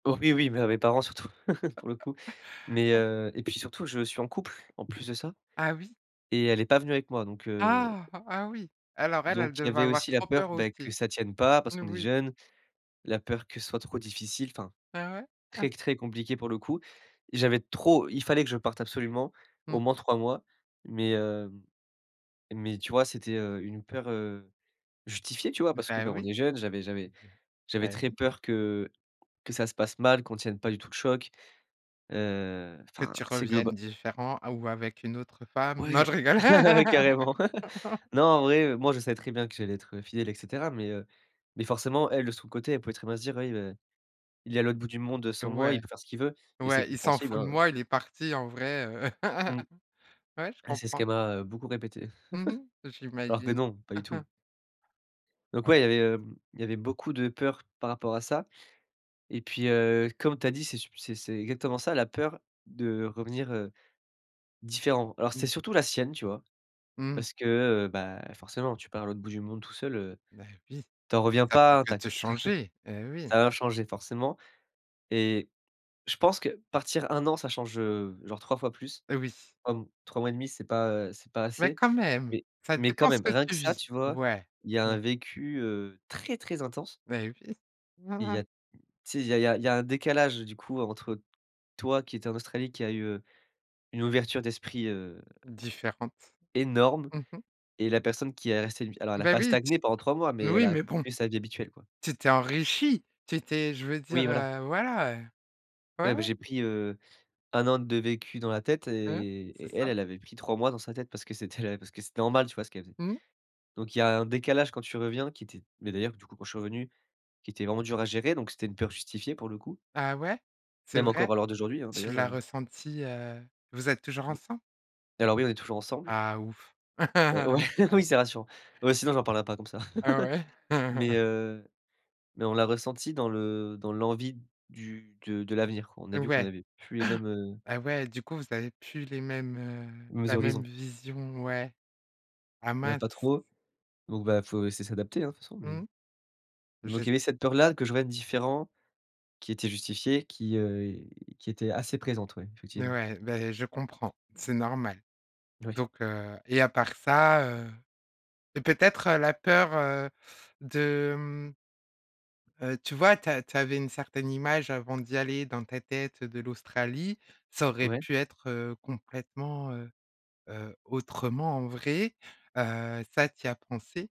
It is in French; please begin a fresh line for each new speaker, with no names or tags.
Oui, oui, mais à mes parents surtout, pour le coup. Mais, heu et puis surtout, je suis en couple en plus de ça
Ah oui?
et elle est pas venue avec moi, donc heu
Ah! Ah oui! Alors elle,
donc
elle
il y
devait
avait
avoir
aussi la
trop
peur,
peur
beh, que
aussi.
ça tienne pas, parce qu'on est
Noui.
jeunes. La peur que ce soit trop difficile. Enfin
Ah ouais?
très, très compliqué pour le coup. J'avais trop il fallait que je parte absolument,
Mmh
au moins
mh.
3 mois. Mais, heu, mais tu vois, c'était, heu, une peur, heu, justifiée tu vois, parce que
Beh
ben
oui.
est jeunes, j'avais j'avais
Bien
j'avais
et
très
oui.
peur que que ça se passe mal, qu'on tienne pas du tout le choc. Heu,
Que
enfin,
tu
c'est
reviennes
globa
différent ou avec une autre femme, non
Ouais,
je rigole!
carrément! Non en vrai, heu, moi je savais très bien que j'allais être fidèle et cetera, mais, heu, mais forcément elle, de son côté, elle pouvait très bien se dire: «Oui, beh, il est à l'autre bout du monde, heu, sans moi, il
Ouais.
peut faire ce qu'il veut» et c'est
Ouais, il s'en
compréhensible,
fout de
hein, heu
moi, il est parti en vrai, heu.
Mmh.
Ouais je
Ouais c'est ce
comprends.
qu'elle m'a, heu, beaucoup répété.
Mmh mh.
Alors que
J'imagine.
non, pas du tout donc
Ouais.
ouais, il y avait, hem, il y avait beaucoup de peur par rapport à ça et puis, heu, comme tu as dit c'est sup c'est c'est exactement ça, la peur de revenir, heu, différent. Alors
Mmh.
c'était surtout la sienne tu vois.
Mmh.
Parce que, heu, bah, forcément tu pars à l'autre bout du monde tout seul, heu,
Bah oui.
tu en reviens
Ca peut
pas
que te
intact.
changer! Et oui!
Ça va changer forcément et je pense que, partir 1 an, ça change, heu, genre 3 fois plus.
Oui.
Comme 3 mois 1/2 c'est pas, heu, c'est pas
Mais
assez.
quand même,
Mais
ça
mais quand
dépend ce
même,
que
rien que
tu
ça,
vis.
tu vois?
Ouais.
Il y a
Mmh.
un vécu, heu, très très intense
Beh oui.
et il y a tu sais, il y a il y a il y a un décalage du coup, entre toi, qui étais en Australie, qui a eu, heu, une ouverture d'esprit heu
Différente.
énorme!
Mmh mh.
Et la personne qui est restée alors elle a
Bah
pas
oui! Tu
stagné pendant 3 mois,
s
mais elle
noui,
a
mais bon!
continué sa vie habituelle quoi.
Tu t'es enrichi! Tu t'es je veux
Oui,
dire,
voilà.
heu, voilà, heu! Ouais,
Ouais, beh,
ouais.
j'ai pris, heu, 1 an de vécu dans la tête
Mmh.
et
C'est
et elle
ça.
elle avait pris 3 mois dans sa tête, parce que c'était la parce que c'était normal, tu vois ce qu'elle faisait.
Mmh.
Donc il y a un décalage, quand tu reviens qui était mais d'ailleurs, du coup quand je revenu, qui était vraiment dur à gérer, donc c'était une peur justifiée pour le coup
Ah ouais? C'est
même
vrai?
encore à l'heure d'aujourd'hui, hein
Tu
d'ailleurs,
l'as
heu
ressenti, heu, vous êtes toujours ensemble?
Alors oui, on est toujours ensemble
Ah ouf!
heu, ouais, oui, c'est rassurant. Ouais, sinon j'en parlera pas comme ça.
Heu, ouais.
Mais, heu, mais on l'a ressenti dans le dans l'envie du de de l'avenir, qu on a vu qu'on
Ouais
n'avait plus les mêmes heu
et ouais. Du coup vous avez plus les mêmes, heu,
mêmes
la même
horizons.
vision, ouais. Ah
Heu,
mince.
pas trop. Donc bah, faut essayer s'adapter, hein, de toute façon mais, heu.
Mmh,
Donc il
j'esp
y avait cette peur-là que je revienne différent, qui était justifiée qui, heu et qui était assez présente ouais,
Et
effectivement.
ouais, beh je comprends, c'est normal
Oui.
donc heu et à part ça, heu, c'est peut-être la peur, heu, de, hem, heu, tu vois, tu as tu avais une certaine image avant d'y aller dans ta tête de l'Australie, ça aurait
Ouais.
pu être, heu, complètement, heu, heu, autrement, en vrai. Heu, ça tu y as pensé?